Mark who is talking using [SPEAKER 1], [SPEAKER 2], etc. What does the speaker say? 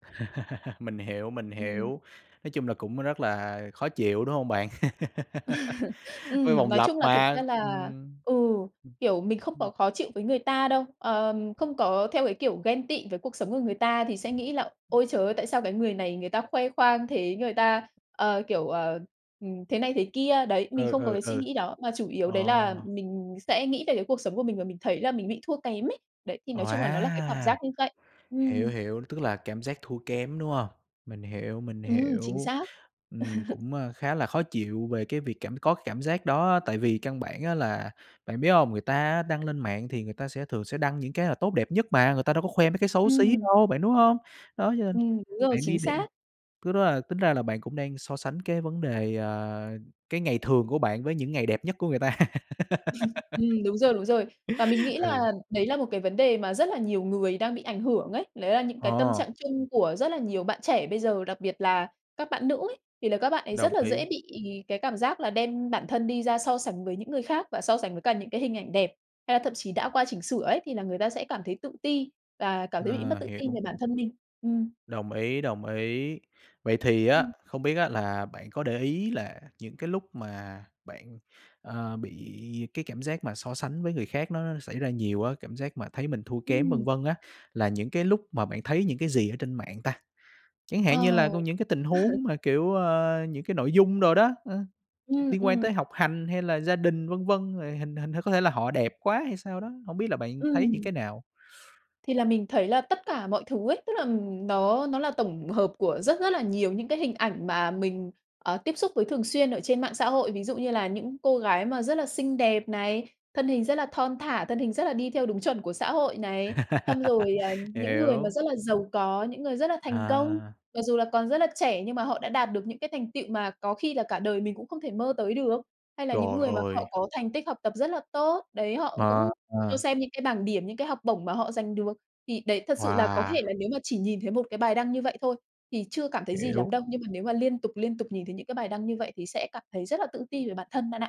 [SPEAKER 1] Mình hiểu, mình
[SPEAKER 2] Ừm.
[SPEAKER 1] hiểu. Nói chung là cũng rất là khó chịu, đúng hông bạn? V
[SPEAKER 2] Ừm,
[SPEAKER 1] vòng
[SPEAKER 2] nói
[SPEAKER 1] lập
[SPEAKER 2] chung là thực ra
[SPEAKER 1] mà,
[SPEAKER 2] là
[SPEAKER 1] ừm,
[SPEAKER 2] ừ,
[SPEAKER 1] ừm.
[SPEAKER 2] kiểu, mình không
[SPEAKER 1] Ừm.
[SPEAKER 2] có khó chịu với người ta đâu. Ờm, không có theo cái kiểu ghen tị với cuộc sống của người ta thì sẽ nghĩ là "Ôi, trời ơi, tại sao cái người này người ta khoe khoang thế, người ta, ờ, kiểu, ờ, ừm, thế này thế kia." Đấy, mình
[SPEAKER 1] Ừ,
[SPEAKER 2] không có
[SPEAKER 1] ừ,
[SPEAKER 2] cái suy
[SPEAKER 1] ừ.
[SPEAKER 2] nghĩ đó. Mà chủ yếu đấy là
[SPEAKER 1] Ồ!
[SPEAKER 2] mình sẽ nghĩ về cái cuộc sống của mình và mình thấy là mình bị thua kém ấy. Đấy, thì nói chung là nó là cái cảm
[SPEAKER 1] Wow!
[SPEAKER 2] giác như vậy,
[SPEAKER 1] Hiểu,
[SPEAKER 2] ừm.
[SPEAKER 1] hiểu, tức là cảm giác thua kém, đúng hông? Mình hiểu, mình
[SPEAKER 2] Ừm, chính
[SPEAKER 1] hiểu.
[SPEAKER 2] xác.
[SPEAKER 1] Ừm, cũng, a, khá là khó chịu về cái việc cảm có cảm giác đó á, tại vì căn bản á là bạn biết hông? Người ta á đăng lên mạng thì người ta sẽ thường sẽ đăng những cái là tốt đẹp nhất mà, người ta đâu có khoe mấy cái xấu xí
[SPEAKER 2] Ừm.
[SPEAKER 1] đâu bạn, đúng không? Đó, cho nên
[SPEAKER 2] Ừm, đúng rồi,
[SPEAKER 1] bạn đi
[SPEAKER 2] chính
[SPEAKER 1] đem
[SPEAKER 2] xác.
[SPEAKER 1] thứ đó là tính ra là bạn cũng đang so sánh cái vấn đề, ờ, cái ngày thường của bạn với những ngày đẹp nhất của người ta.
[SPEAKER 2] Ừm, đúng rồi, đúng rồi. Và mình nghĩ
[SPEAKER 1] Ừ.
[SPEAKER 2] là đấy là một cái vấn đề mà rất là nhiều người đang bị ảnh hưởng ấy, đấy là những cái tâm trạng
[SPEAKER 1] Ồ.
[SPEAKER 2] chung của rất là nhiều bạn trẻ bây giờ, đặc biệt là các bạn nữ ấy, thì là các bạn ấy rất
[SPEAKER 1] Đồng
[SPEAKER 2] là dễ
[SPEAKER 1] ý.
[SPEAKER 2] bị cái cảm giác là đem bản thân đi ra so sánh với những người khác và so sánh với cả những cái hình ảnh đẹp, hay là thậm chí đã qua chỉnh sửa ấy thì là người ta sẽ cảm thấy tự ti và cảm thấy bị mất
[SPEAKER 1] Ờ,
[SPEAKER 2] tự tin
[SPEAKER 1] hiểu.
[SPEAKER 2] về bản thân mình. Ừm.
[SPEAKER 1] Đồng ý, đồng ý. Vậy thì á,
[SPEAKER 2] Ừm.
[SPEAKER 1] không biết á là bạn có để ý là những cái lúc mà bạn, ờ, bị cái cảm giác mà so sánh với người khác nó nó xảy ra nhiều á, cảm giác mà thấy mình thua kém, vân
[SPEAKER 2] Ừm.
[SPEAKER 1] vân á, là những cái lúc mà bạn thấy những cái gì ở trên mạng ta? Chẳng hạn như là
[SPEAKER 2] Ờ.
[SPEAKER 1] con những cái tình huống mà, kiểu, ơ, những cái nội dung đồ đó, ơ,
[SPEAKER 2] Ừm,
[SPEAKER 1] liên quan
[SPEAKER 2] ừm.
[SPEAKER 1] tới học hành hay là gia đình, vân vân, rồi hình hình có thể là họ đẹp quá hay sao đó? Hổng biết là bạn thấy những
[SPEAKER 2] Ừm.
[SPEAKER 1] cái nào?
[SPEAKER 2] Thì là mình thấy là tất cả mọi thứ ấy, tức là nó nó là tổng hợp của rất rất là nhiều những cái hình ảnh mà mình, ờ, tiếp xúc với thường xuyên ở trên mạng xã hội. Ví dụ như là những cô gái mà rất là xinh đẹp này, thân hình rất là thon thả, thân hình rất là đi theo đúng chuẩn của xã hội này, xong rồi, à, những người mà
[SPEAKER 1] Hiểu.
[SPEAKER 2] rất là giàu có, những người rất là thành công,
[SPEAKER 1] À.
[SPEAKER 2] mặc dù là còn rất là trẻ nhưng mà họ đã đạt được những cái thành tựu mà có khi là cả đời mình cũng không thể mơ tới được, hay là những
[SPEAKER 1] Trời
[SPEAKER 2] người mà họ
[SPEAKER 1] ơi!
[SPEAKER 2] có thành tích học tập rất là tốt, đấy, họ
[SPEAKER 1] Ờ.
[SPEAKER 2] cũng cho
[SPEAKER 1] Ờ.
[SPEAKER 2] xem những cái bảng điểm, những cái học bổng mà họ dành được. Thì đấy, thật sự là có
[SPEAKER 1] Wow!
[SPEAKER 2] thể là nếu mà chỉ nhìn thấy một cái bài đăng như vậy thôi, thì chưa cảm thấy gì
[SPEAKER 1] Hiểu.
[SPEAKER 2] lắm đâu, nhưng mà nếu mà liên tục, liên tục nhìn thấy những cái bài đăng như vậy thì sẽ cảm thấy rất là tự ti về bản thân bạn ạ.